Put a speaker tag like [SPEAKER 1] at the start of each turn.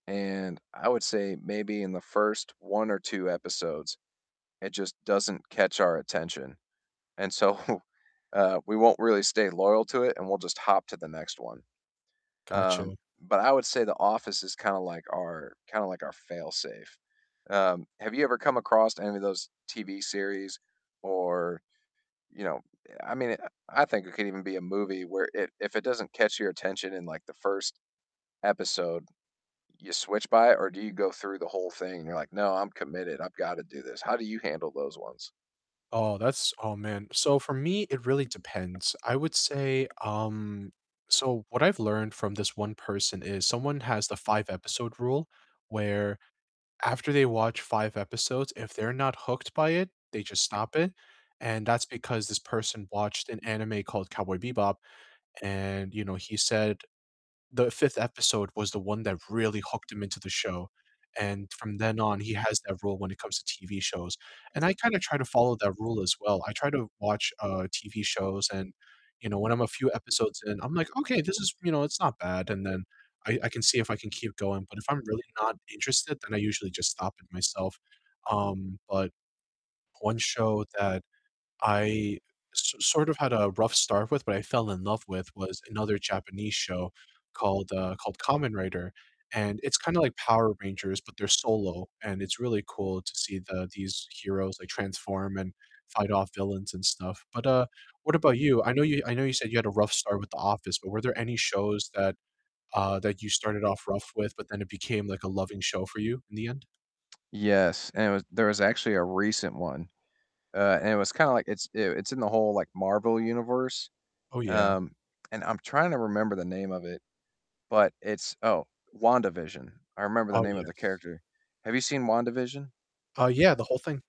[SPEAKER 1] And I would say maybe in the first 1 or 2 episodes, it just doesn't catch our attention, and so, uh, we won't really stay loyal to it and we'll just hop to the next one, um,
[SPEAKER 2] Gotcha.
[SPEAKER 1] but I would say The Office is kinda like our kinda like our fail safe, um, have you ever come across any of those TV series or, you know, eh, I mean, I I think it could even be a movie where if it doesn't catch your attention in like the 1st episode, you switch by it or do you go through the whole thing and you're like, "No, I'm committed, I've gotta do this," how do you handle those ones?
[SPEAKER 2] Oh, that's Oh, man, so for me, it really depends, I would say, um so, what I've learned from this one person is someone has the five-episode rule, where after they watch 5 episodes, if they're not hooked by it, they just stop it, and that's because this person watched an anime called Cowboy Bebop, and, you know, he said the 5th episode was the one that really hooked him into the show, and from then on, he has that rule when it comes to TV shows, and I kinda try to follow that rule as well, I try to watch, uh, TV shows and, you know, when I'm a few episodes in, I'm like, "Okay, this is, you know, it's not bad," and then, I I can see if I can keep going, but if I'm really not interested, then I usually just stop it myself, um, but one show that I s sort of had a rough start with but I fell in love with was another Japanese show called, uh, called Kamen Rider, and it's kinda like Power Rangers, but they're solo, and it's really cool to see the these heroes, like, transform and fight off villains and stuff, but, uh, what about you? I know you I know you said you had a rough start with The Office, but were there any shows that, uh, that you started off rough with, but then it became, like, a loving show for you in the end?
[SPEAKER 1] Yes, anyways, there was actually a recent one, uh, and it was kinda like it's, eh in the whole, like, Marvel universe,
[SPEAKER 2] Oh, yeah.
[SPEAKER 1] um, and I'm tryna remember the name of it, but it's oh, WandaVision. I remember the
[SPEAKER 2] Oh,
[SPEAKER 1] name of the
[SPEAKER 2] yes.
[SPEAKER 1] character, have you seen WandaVision?
[SPEAKER 2] Uh, yeah, the whole thing